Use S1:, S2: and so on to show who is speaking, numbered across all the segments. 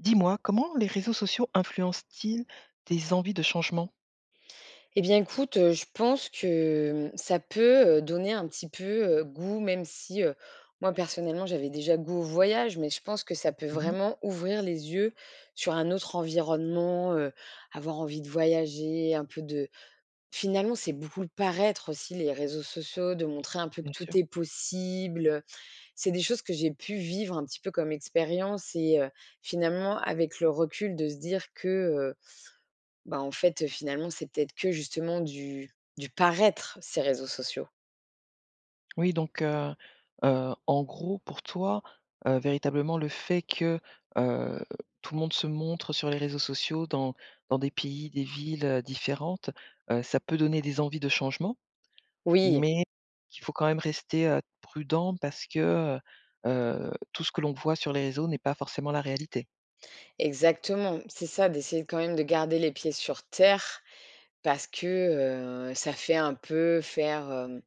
S1: Dis-moi, comment les réseaux sociaux influencent-ils tes envies de changement?
S2: Eh bien, écoute, heu, je pense que, mmh, ça peut, heu, donner un petit peu, heu, goût. Même si, heu, moi personnellement, j'avais déjà goût au voyage, mais je pense que ça peut
S1: Mmh mh.
S2: vraiment ouvrir les yeux sur un autre environnement. Heu, avoir envie de voyager, un peu de finalement, c'est beaucoup le paraître aussi, les réseaux sociaux, de montrer un peu que
S1: Bien sûr.
S2: tout est possible, heu. C'est des choses que j'ai pu vivre un petit peu comme expérience, et, heu, finalement, avec le recul, de se dire que, heu, ben en fait, heu, finalement, c'est peut-être que justement du du paraître ces réseaux sociaux.
S1: Oui donc, heu, heu, en gros, pour toi, heu, véritablement le fait que, heu, tout le monde se montre sur les réseaux sociaux, dans dans des pays, des villes, heu, différentes. Heu, ça peut donner des envies de changement,
S2: Oui.
S1: mais il faut quand même rester, heu, prudent, parce que, heu, heu, tout ce que l'on voit sur les réseaux n'est pas forcément la réalité?
S2: Exactement, c'est ça, d'essayer quand même de garder les pieds sur terre, parce que, heu, ça fait un peu faire, hem,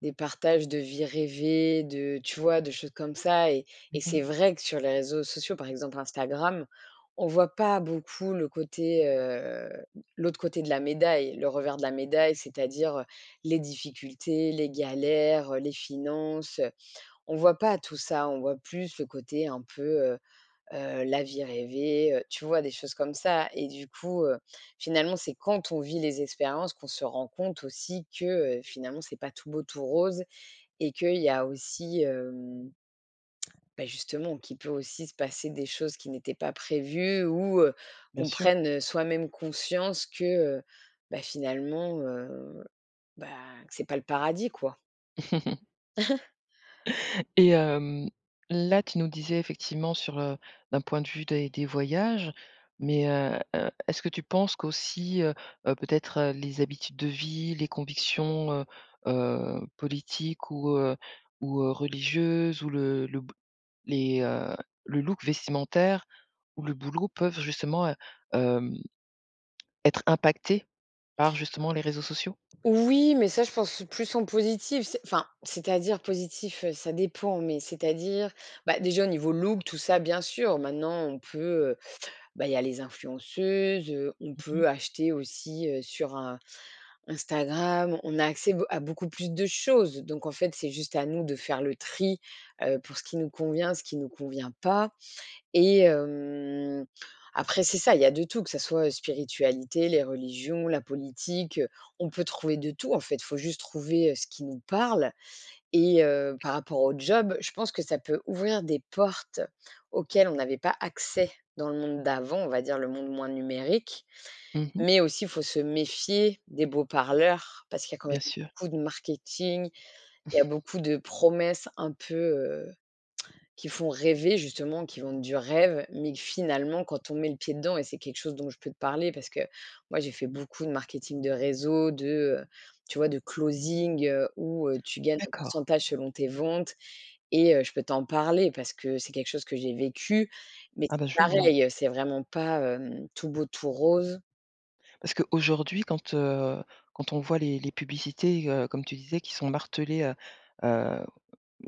S2: des partages de vie rêvée, de tu vois? De choses comme ça, et
S1: Mmh
S2: et c'est
S1: mh.
S2: vrai que sur les réseaux sociaux, par exemple Instagram. On voit pas beaucoup le côté, heu, l'autre côté de la médaille, le revers de la médaille. C'est-à-dire, heu:- les difficultés, les galères, heu, les finances, heu. On voit pas tout ça, on voit plus le côté un peu heu, heu, la vie rêvée, heu, tu vois? Des choses comme ça, et du coup, heu, finalement, c'est quand on vit les expériences qu'on se rend compte aussi que, heu, finalement, c'est pas tout beau, tout rose, et qu'il y a aussi hem. Bah justement, qui peut aussi se passer des choses qui n'étaient pas prévues ou, heu,
S1: Bien
S2: qu'on
S1: sûr.
S2: prenne, heu, soi-même conscience que, heu, bah finalement, heu, bah, c'est pas le paradis quoi!
S1: Et hem, là, tu nous disais, effectivement, sur, heu, d'un point de vue, des des voyages, mais heu, heu, est-ce que tu penses qu'aussi, heu, heu, peut-être, heu, les habitudes de vie, les convictions, heu, heu, politiques ou, heu, ou, heu, religieuses, ou le le b les, heu, le look vestimentaire, ou le boulot peuvent justement, hem, être impactés par justement les réseaux sociaux?
S2: Oui, mais ça, je pense, c'est plus en positif, c'est enfin, c'est-à-dire positif, heu, ça dépend, mais c'est-à-dire, bah, déjà au niveau look, tout ça, bien sûr. Maintenant, on peut, heu, bah, il y a les influenceuses, heu, on
S1: Mmh mh.
S2: peut acheter aussi, heu, sur, un Instagram. On a accès, be à beaucoup plus de choses, donc en fait, c'est juste à nous de faire le tri, heu, pour ce qui nous convient, ce qui nous convient pas, et hem, après, c'est ça. Il y a de tout, que ça soit, heu, spiritualité, les religions, la politique. On peut trouver de tout, en fait. Faut juste trouver, heu, ce qui nous parle, et heu, par rapport au job, je pense que ça peut ouvrir des portes, auxquelles on n'avait pas accès dans le monde d'avant, on va dire le monde moins numérique,
S1: Mmh mh.
S2: mais aussi, faut se méfier des beaux parleurs, parce qu'il y a quand même
S1: Bien sûr.
S2: beaucoup de marketing. Il y a beaucoup de promesses un peu, heu, qui font rêver justement, qui vendent du rêve, mais que, finalement, quand on met le pied dedans, et c'est quelque chose dont je peux te parler parce que moi, j'ai fait beaucoup de marketing de réseau, de, heu, tu vois, de closing heu, où, heu, tu gagnes un
S1: D'accord.
S2: pourcentage selon tes ventes, et, heu, je peux t'en parler parce que c'est quelque chose que j'ai vécu, mais
S1: Ah
S2: c'est
S1: ben, je veux bien.
S2: pareil, c'est vraiment pas hem, tout beau, tout rose.
S1: Parce qu'aujourd'hui quand, heu, quand on voit les les publicités, heu, comme tu disais qui sont martelées, heu, heu,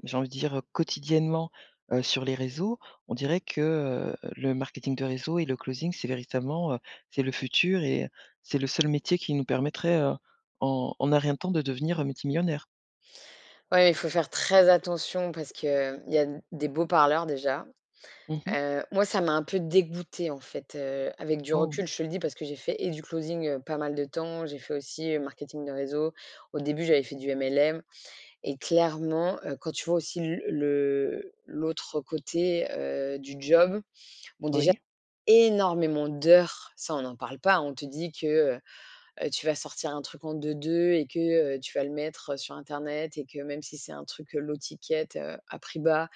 S1: j'ai envie de dire, heu, quotidiennement, heu, sur les réseaux. On dirait que, heu, le marketing de réseau et le closing c'est véritablement, heu, c'est le futur et heu, c'est le seul métier qui nous permettrait, heu, en en un rien de temps de devenir, heu, multimillionnaire.
S2: Ouais, il faut faire très attention parce qu'il y a d des beaux parleurs déjà.
S1: Mmh mh.
S2: Heu, moi, ça m'a un peu dégoûtée, en fait, heu, avec du
S1: Oh!
S2: recul, je te le dis parce que j'ai fait et du closing, heu, pas mal de temps, j'ai fait aussi, heu, marketing de réseau. Au début j'avais fait du MLM et clairement, heu, quand tu vois aussi l le l'autre côté, heu, du job. Bon déjà
S1: Oui.
S2: énormément d'heures, ça on n'en parle pas. On te dit que, heu, heu, tu vas sortir un truc en 2-2 et que, heu, tu vas le mettre, heu, sur internet et que même si c'est un truc, heu, low ticket, heu, à prix bas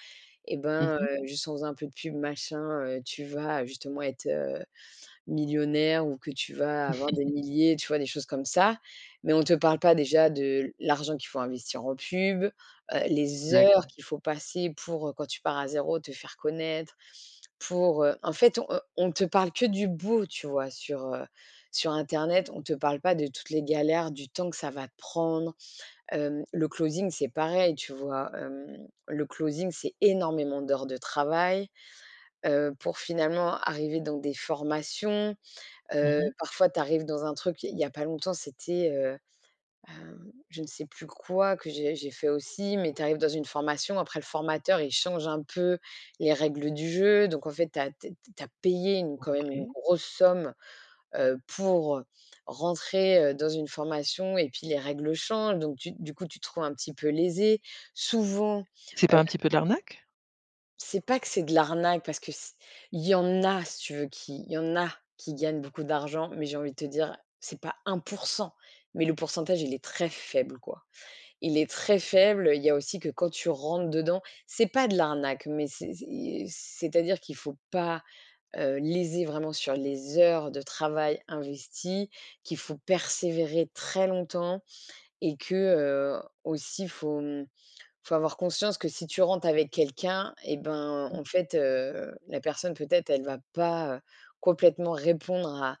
S2: et
S1: Mmh
S2: ben,
S1: mh.
S2: heu, juste en faisant un peu de pub machin, heu, tu vas justement être, heu, millionnaire ou que tu vas avoir des milliers, tu vois, des choses comme ça. Mais on te parle pas déjà de l' l'argent qu'il faut investir en pub, heu, les heures
S1: D'accord.
S2: qu'il faut passer pour, heu, quand tu pars à 0, te faire connaître. Pour, heu, en fait on, heu, on te parle que du beau tu vois sur, heu, sur internet, on te parle pas de toutes les galères, du temps que ça va prendre. Hem, le closing c'est pareil, tu vois. Hem, le closing c'est énormément d'heures de travail, heu, pour finalement arriver dans des formations.
S1: Mmh
S2: Heu,
S1: mh.
S2: parfois, tu arrives dans un truc, il y a pas longtemps, c'était, heu, ben, je ne sais plus quoi que j'ai j'ai fait aussi. Mais tu arrives dans une formation. Après, le formateur, il change un peu les règles du jeu. Donc en fait, tu as t t tu as payé une quand même une
S1: OK.
S2: grosse somme, heu, pour rentrer, heu, dans une formation. Et puis les règles changent, donc tu du coup, tu te trouves un petit peu lésé. Souvent, heu
S1: C'est pas un petit peu de l'arnaque?
S2: C'est pas que c'est de l'arnaque parce que s il y en a, si tu veux qui il y en a qui gagnent beaucoup d'argent. Mais j'ai envie de te dire, c'est pas 1 %, mais le pourcentage, il est très faible quoi. Il est très faible. Il y a aussi que quand tu rentres dedans c'est pas de l'arnaque, mais c'est c'est i c'est-à-dire qu'il faut pas, heu, léser vraiment sur les heures de travail investies. Qu'il faut persévérer très longtemps et que, heu, aussi faut, hem, faut avoir conscience que si tu rentres avec quelqu'un et ben,
S1: [unintelligible]
S2: en fait, heu, la personne peut-être elle va pas, heu, complètement répondre à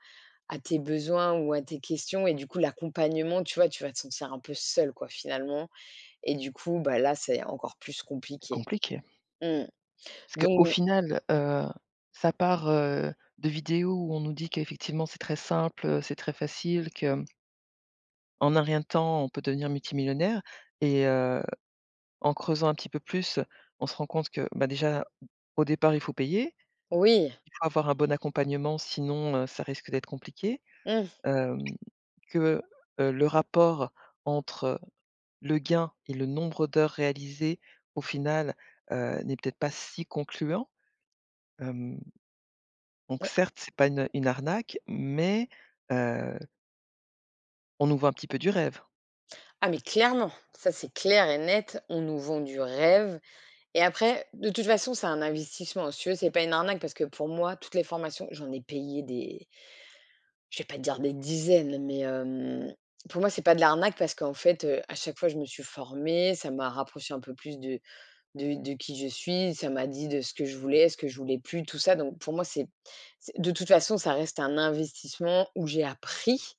S2: à tes besoins ou à tes questions. Et du coup, l'accompagnement, tu vois, tu vas te sentir un peu seul quoi finalement. Et du coup, bah, là, c'est encore plus
S1: C'est
S2: compliqué.
S1: compliqué.
S2: Mmh.
S1: Parce qu'au
S2: Don
S1: final, heu, ça part, heu, de vidéos où on nous dit qu'effectivement c'est très simple, heu, c'est très facile, que hem en un rien de temps on peut devenir multimillionnaire. Et heu, en creusant un petit peu plus on se rend compte que, ben, déjà au départ, il faut payer,
S2: Oui.
S1: il faut avoir un bon accompagnement sinon, heu, ça risque d'être compliqué.
S2: Mmh.
S1: Hem, que, heu, le rapport entre le gain et le nombre d'heures réalisées au final, heu, n'est peut-être pas si concluant. Hem, donc
S2: Ouais.
S1: certes, c'est pas une une arnaque, mais heu on nous vends un petit peu du rêve.
S2: Ah, mais clairement! Ça, c'est clair et net, on nous vend du rêve. Et après, de toute façon, c'est un investissement. Si tu veux c'est pas une arnaque parce que pour moi, toutes les formations j'en ai payé des je vais pas te dire des dizaines, mais, hem, pour moi, c'est pas de l'arnaque parce qu'en fait, heu, à chaque fois je me suis formée, ça m'a rapproché un peu plus de de de qui je suis, ça m'a dit de ce que je voulais, ce que je voulais plus, tout ça. Donc pour moi, c'est c'est de toute façon, ça reste un investissement où j'ai appris.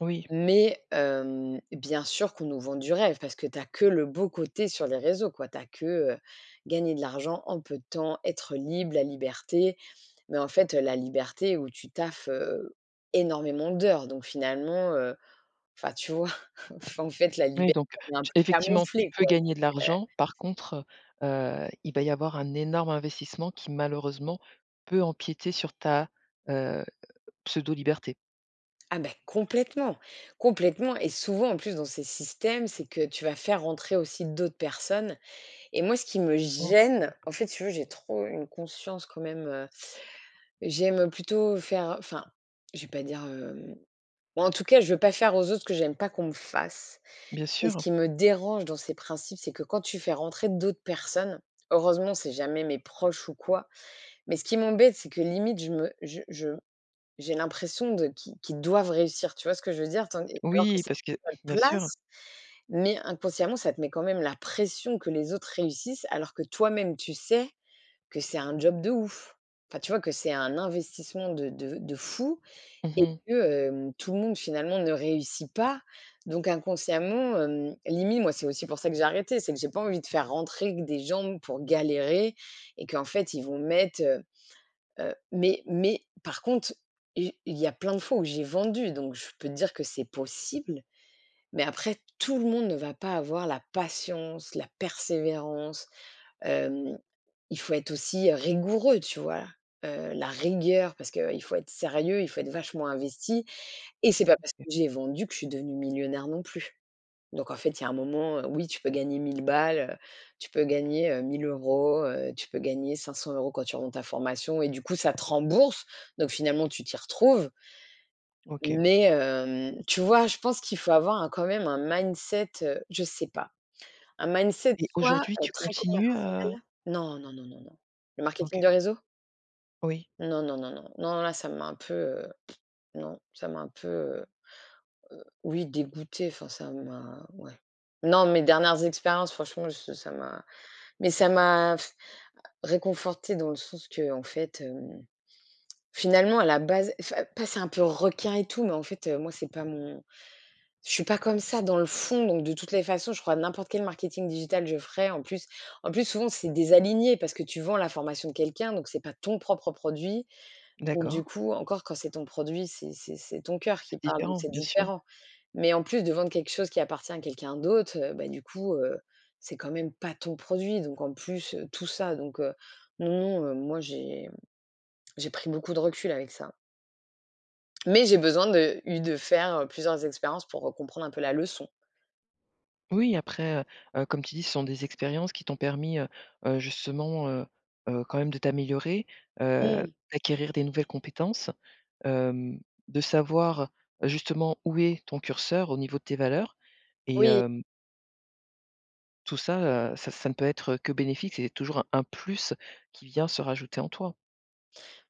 S1: Oui.
S2: Mais, hem, bien sûr qu'on nous vend du rêve, parce que tu as que le beau côté sur les réseaux quoi. Tu as que, heu, gagner de l'argent, en peu de temps, être libre, la liberté. Mais en fait, heu, la liberté où tu taffes, heu, énormément d'heures. Donc finalement, heu, enfin tu vois, enfin, en fait, la
S1: Oui,
S2: liberté
S1: donc,
S2: elle est un
S1: tu
S2: peu
S1: effectivement tu
S2: camouflée
S1: peux
S2: quoi
S1: gagner de
S2: c'est que
S1: l'argent, par contre, heu, heu, il va y avoir un énorme investissement qui malheureusement peut empiéter sur ta, heu, pseudo liberté.
S2: Ah, beh, complètement, complètement. Et souvent, en plus, dans ces systèmes, c'est que tu vas faire rentrer aussi d'autres personnes. Et moi, ce qui me gêne,
S1: OK.
S2: en fait, si tu veux, j'ai trop une conscience quand même, heu, j'aime, heu, plutôt faire enfin, je vais pas dire, hem, moi, en tout cas, je veux pas faire aux autres ce que j'aime pas qu'on me fasse.
S1: Bien
S2: Et ce
S1: sûr.
S2: qui me dérange dans ces principes, c'est que quand tu fais rentrer d'autres personnes, heureusement, c'est jamais mes proches ou quoi, mais ce qui m'embête c'est que, limite, je me je je j'ai l'impression de qui qu'ils doivent réussir. Tu vois ce que je veux dire? Tandis alors que
S1: Oui,
S2: c'est
S1: parce que
S2: notre
S1: bien sûr.
S2: place, mais inconsciemment, ça te met, quand même, la pression que les autres réussissent, alors que toi-même, tu sais que c'est un job de ouf! Enfin, tu vois, que c'est un investissement de de de fou
S1: Mmh
S2: et
S1: mh.
S2: que, hem, tout le monde, finalement, ne réussit pas. Donc inconsciemment, hem, limite, moi, c'est aussi pour ça que j'ai arrêté. C'est que j'ai pas envie de faire rentrer que des gens pour galérer et qu'en fait, ils vont mettre, heu, heu Mais mais par contre, i il y a plein de fois où j'ai vendu, donc je peux te dire que c'est possible. Mais après, tout le monde ne va pas avoir la patience, la persévérance. Hem, il faut être aussi, heu, rigoureux, tu vois? Heu, la rigueur parce qu'il faut être sérieux, il faut être vachement investi et c'est pas parce que
S1: OK.
S2: j'ai vendu que je suis devenue millionnaire, non plus. Donc en fait, il y a un moment, heu, oui, tu peux gagner 1000 balles, heu, tu peux gagner, heu, 1000 €, heu, tu peux gagner 500 € quand tu revends ta formation et du coup, ça te rembourse. Donc finalement tu t'y retrouves.
S1: OK.
S2: Mais hem, tu vois, je pense qu'il faut avoir un quand même un mindset, heu, je sais pas. Un mindset
S1: Et
S2: soit,
S1: aujourd'hui
S2: heu,
S1: tu
S2: très
S1: continues, heu?
S2: commercial. Non, non, non, non, non. Le marketing
S1: OK.
S2: de réseau?
S1: Oui.
S2: Non, non, non, non, non, non là, ça m'a un peu, heu pff non, ça m'a un peu, heu, heu, oui, dégoûtée enfin ça m'a, ouais. Non, mes dernières expériences, franchement, je ça m'a mais ça m'a réconfortée dans le sens qu'en fait, hem, finalement, à la base enfin, pas c'est un peu requin et tout, mais en fait, heu, moi, c'est pas mon je suis pas comme ça dans le fond. Donc de toutes les façons, je crois que n'importe quel marketing digital je ferais, en plus en plus, souvent, c'est désaligné parce que tu vends la formation de quelqu'un, donc c'est pas ton propre produit. Donc du
S1: D'accord.
S2: coup encore quand c'est ton produit, c'est c'est c'est ton coeur qui
S1: C'est
S2: parle, donc
S1: différent,
S2: c'est
S1: bien sûr.
S2: différent. Mais en plus de vendre quelque chose qui appartient à quelqu'un d'autre, heu, bah, du coup, heu, c'est quand même pas ton produit. Donc en plus, heu, tout ça, donc, heu. Non, non, heu, moi j'ai, hem, j'ai pris beaucoup de recul avec ça. Mais j'ai besoin de eu de faire, heu, plusieurs expériences pour, heu, comprendre un peu la leçon.
S1: Oui, après, heu, heu, comme tu dis, ce sont des expériences qui t'ont permis, heu, heu, justement, heu, heu, quand même de t'améliorer, heu,
S2: Mmh.
S1: d'acquérir des nouvelles compétences, hem, de savoir, heu, justement où est ton curseur au niveau de tes valeurs. Et
S2: Oui.
S1: hem Tout ça, heu, ça ça ne peut être, heu, que bénéfique, c'est toujours un un plus qui vient se rajouter en toi.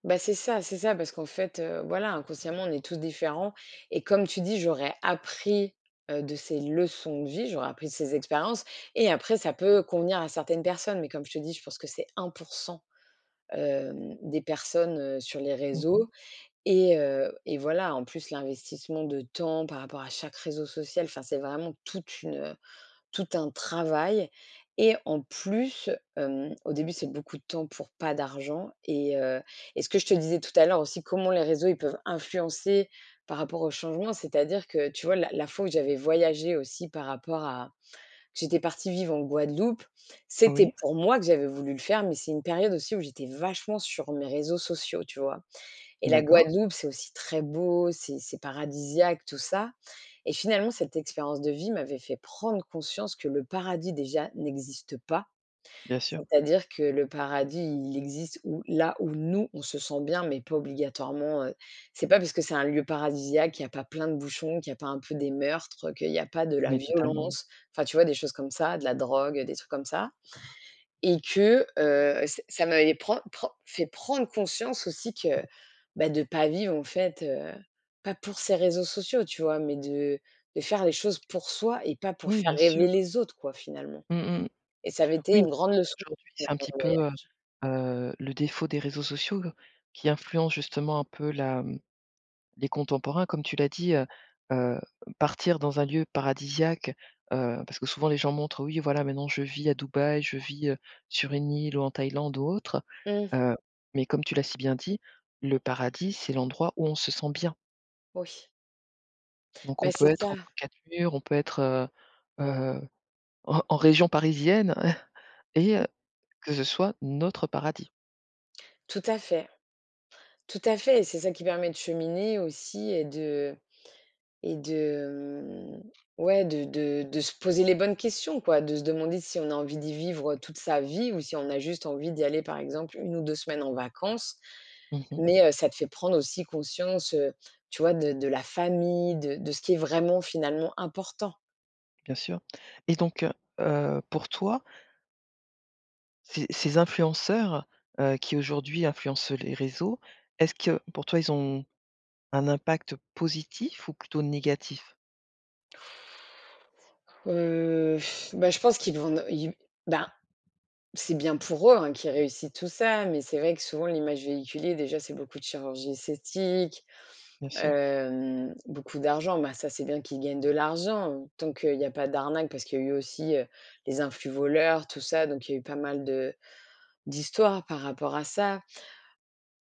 S2: Bah, c'est ça c'est ça parce qu'en fait, heu, voilà, inconsciemment, on est tous différents, et comme tu dis, j'aurais appris, heu, de ces leçons de vie, j'aurais appris de ces expériences, et après ça peut convenir à certaines personnes, mais comme je te dis, je pense que c'est 1 %, hem, des personnes, heu, sur les
S1: Mmh mh.
S2: réseaux et, heu, et voilà, en plus, l'investissement de temps par rapport à chaque réseau social. Enfin, c'est vraiment toute une, heu, tout un travail et en plus, hem, au début, c'est beaucoup de temps pour pas d'argent et, heu, et ce que je te disais tout à l'heure aussi, comment les réseaux, ils peuvent influencer par rapport au changement. C'est-à-dire que tu vois la la fois où j'avais voyagé aussi par rapport à j'étais partie vivre en Guadeloupe. C'était
S1: Oui.
S2: pour moi que j'avais voulu le faire, mais c'est une période aussi où j'étais vachement sur mes réseaux sociaux, tu vois? Et la
S1: D'accord.
S2: Guadeloupe, c'est aussi très beau, c'est c'est paradisiaque tout ça, et finalement, cette expérience de vie m'avait fait prendre conscience que le paradis, déjà, n'existe pas.
S1: Bien sûr.
S2: C'est-à-dire que le paradis, il existe ou là où nous, on se sent bien, mais pas obligatoirement, heu. C'est pas parce que c'est un lieu paradisiaque qu'il y a pas plein de bouchons, qu'il y a pas un peu des meurtres, heu, qu'il y a pas de la
S1: Mais totalement.
S2: violence. Enfin, tu vois des choses comme ça, de la drogue, des trucs comme ça et que, heu, ça ça m'avait prend prend fait prendre conscience aussi que, bah, de pas vivre en fait, heu, pas pour ces réseaux sociaux, tu vois, mais de de faire les choses pour soi et pas pour
S1: Oui,
S2: faire
S1: bien
S2: rêver
S1: sûr.
S2: les autres quoi, finalement,
S1: Mmh mh.
S2: et ça avait été
S1: Oui,
S2: une grande leçon
S1: aujourd'hui c'est un
S2: pendant
S1: petit
S2: ce
S1: peu, heu
S2: voyage.
S1: heu, le défaut des réseaux sociaux qui influencent justement un peu la les contemporains, comme tu l'as dit, heu heu, partir dans un lieu paradisiaque, heu, parce que souvent, les gens montrent, oui voilà maintenant, je vis à Dubaï. Je vis, heu, sur une île ou en Thaïlande ou autre.
S2: Mmh.
S1: Heu, mais comme tu l'as si bien dit, le paradis, c'est l'endroit où on se sent bien.
S2: Oui.
S1: Donc on
S2: Beh,
S1: peut
S2: c'est
S1: être
S2: ça.
S1: entre 4 murs. On peut être, heu heu, en en région parisienne et, heu, que ce soit, notre paradis.
S2: Tout à fait, tout à fait. Et c'est ça qui permet de cheminer aussi et de et de, mmh, ouais de de de se poser les bonnes questions quoi, de se demander si on a envie d'y vivre, heu, toute sa vie ou si on a juste envie d'y aller, par exemple, 1 ou 2 semaines en vacances,
S1: Mmh mh.
S2: mais, heu, ça te fait prendre aussi conscience, heu, tu vois, de de la famille, de de ce qui est vraiment finalement important.
S1: Bien sûr, et donc, heu heu, pour toi ces ces influenceurs, heu, qui aujourd'hui influencent les réseaux, est-ce que pour toi, ils ont un impact positif ou plutôt négatif?
S2: Heu, bah, je pense qu'ils vont ils ben, c'est bien pour eux, hein, qu'ils réussissent, tout ça, mais c'est vrai que souvent, l'image véhiculée déjà, c'est beaucoup de chirurgie esthétique,
S1: Bien sûr.
S2: hem, beaucoup d'argent. Ben, ça, c'est bien qu'ils gagnent de l'argent, tant qu'il y a pas d'arnaque, parce qu'il y a eu aussi, heu, les influvoleurs, tout ça, donc il y a eu pas mal de d'histoires par rapport à ça.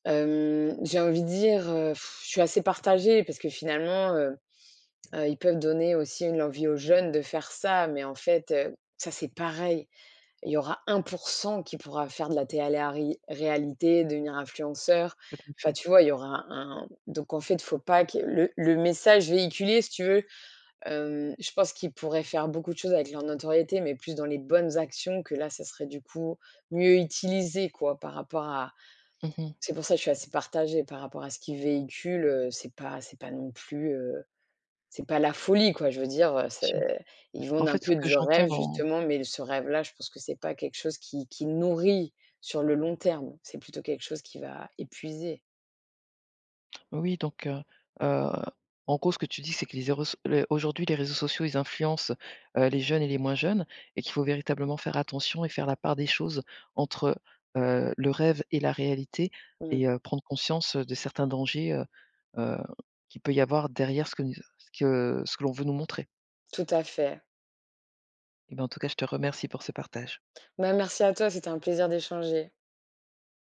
S2: Hem, j'ai envie de dire, heu, je suis assez partagée parce que finalement, heu heu, ils peuvent donner aussi une envie aux jeunes de faire ça, mais en fait, heu, ça, c'est pareil. Il y aura 1 % qui pourra faire de la télé arit réalité, devenir influenceur.
S1: En
S2: Enfin,
S1: effet.
S2: tu vois, il y aura un donc en fait, faut pas que le le message véhiculé, si tu veux, hem, je pense qu'ils pourraient faire beaucoup de choses avec leur notoriété, mais plus dans les bonnes actions que là, ça serait du coup mieux utilisé, quoi, par rapport à
S1: Mmh mh.
S2: c'est pour ça que je suis assez partagée par rapport à ce qu'ils véhiculent. Heu, c'est pas c'est pas non plus, heu, c'est pas la folie, quoi. Je veux dire, heu, c'est ils
S1: En
S2: vendent un
S1: fait, ce
S2: peu
S1: que
S2: du
S1: j'entends
S2: rêve,
S1: dans
S2: justement, mais ce rêve-là, je pense que c'est pas quelque chose qui qui nourrit sur le long terme. C'est plutôt quelque chose qui va épuiser.
S1: Oui donc, heu heu, en gros, ce que tu dis, c'est que les 0, les aujourd'hui, les réseaux sociaux, ils influencent, heu, les jeunes et les moins jeunes, et qu'il faut véritablement faire attention et faire la part des choses entre, heu heu, le rêve et la réalité et
S2: Mmh.
S1: heu, prendre conscience, heu, de certains dangers, heu heu, qu'il peut y avoir derrière ce qui ce que ce que l'on veut nous montrer.
S2: Tout à fait.
S1: En tout cas, je te remercie pour ce partage.
S2: Bah, merci à toi, c'est un plaisir d'échanger.